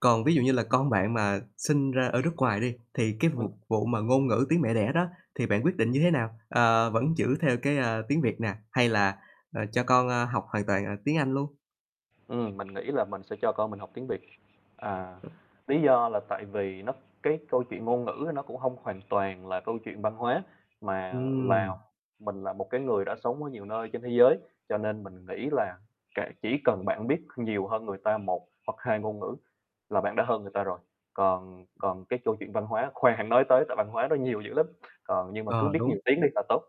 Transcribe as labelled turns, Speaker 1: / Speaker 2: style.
Speaker 1: Còn ví dụ như là con bạn mà sinh ra ở nước ngoài đi, thì cái
Speaker 2: Ừm.
Speaker 1: vụt vụ mà ngôn ngữ tiếng mẹ đẻ đó, thì bạn quyết định như thế nào? Ờ, vẫn giữ theo cái, ờ, tiếng Việt nè, hay là, ờ, cho con, a, học hoàn toàn, à, tiếng Anh luôn?
Speaker 2: Ừm, mình nghĩ là mình sẽ cho con mình học tiếng Việt. À,
Speaker 1: Ừm.
Speaker 2: lý do là tại vì nó cái câu chuyện ngôn ngữ ấy, nó cũng hông hoàn toàn là câu chuyện văn hóa, mà là
Speaker 1: Ừm.
Speaker 2: mình là một cái người đã sống ở nhiều nơi trên thế giới, cho nên mình nghĩ là kệ, chỉ cần bạn biết nhiều hơn người ta 1 hoặc 2 ngôn ngữ, là bạn đã hơn người ta rồi. Còn còn cái châu chuyện văn hóa khoan hẵng nói tới, tại văn hóa nó nhiều dữ lắm, còn nhưng mà cứ
Speaker 1: Ờ,
Speaker 2: biết
Speaker 1: đúng.
Speaker 2: nhiều tiếng đi là tốt.